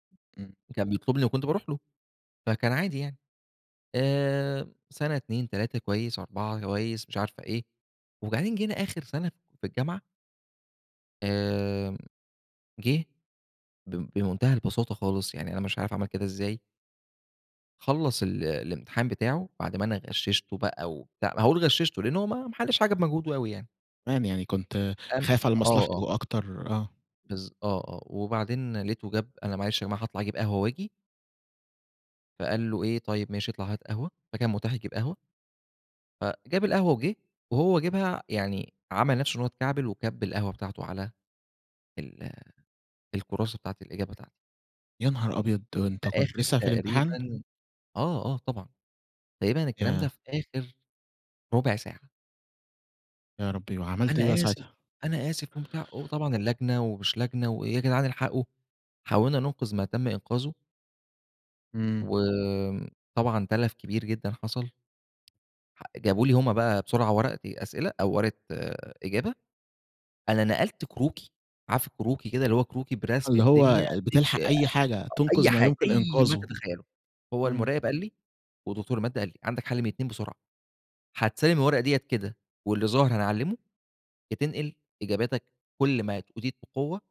إمم. كان بيطلُبني وكنت باروح له، فكان عادي يعني. آآ سَنة، 2، 3 كويس، 4 كويس، مش عارف إيه، وبعدين جينا آخِر سَنة ك في الجامعة آمم جِه بم بمنتهى البساطة خالص، يعني أنا مش عارف عمل كده إزاي خلّص ال الامتحان بتاعه بعد ما أنا غشّشته بقى وبتاع هاقول غشّشته، لإن هو ما ما حلّش حاجة بمجهوده أوي يعني. تمام، يعني كنت أم خايف على آه، آه. مصلحته أكتر، آه. بالض آه آه. وبعدين لقيته جاب "أنا معلش يا جماعة، هاطلع أجيب قهوة وآجي." فقال له إيه: "طيب ماشي، اطلع هات قهوة." فكان متاح يجيب قهوة. فجاب القهوة وجِه وهو جايبها يعني عمل نَفْسه إن هو اتكعبل وِكَب القهوة بتاعته على ال الكُرّاسة بتاعة الإجابة بتاعتي. يا نهار أبيض! في وأنت كنت آخِر لسّه في الامتحان؟ تقريبًا آه، آه، طبعًا. تقريبًا الكلام ده ياه! في آخِر رُبع ساعة. يا ربِّي، وعملت إيه بقى "أنا آسف، ساعتها؟ أنا آسف،" و بتاع وهو طبعًا اللجنة ومش لجنة "ويا جدعان ألحقوا." حاولنا نُنقذ ما تم إنقاذه. إمم. وم طبعًا تَلَف كبير جدًا حصل. ح جابوا لي هم بقى بسرعة ورقة أسئلة أو ورقة إجابة، أنا نقلت كروكي، عارف الكروكي، كده اللي هو كروكي، برسم اللي الدنيا هو أدِّيك بتلحق أ أي حاجة، أي تُنقذ ما حاجة، يمكن أي ما إنقاذه. تتخيّله. هو إمم. المُراقب قال لي ودكتور المادة قال لي: "عندك حَل من 2 بسرعة، هتسلم الورقة ديّة كده واللي ظاهر هنعلّمه، يا تنقل إجاباتك بكل ما ت أوتيت بقوة."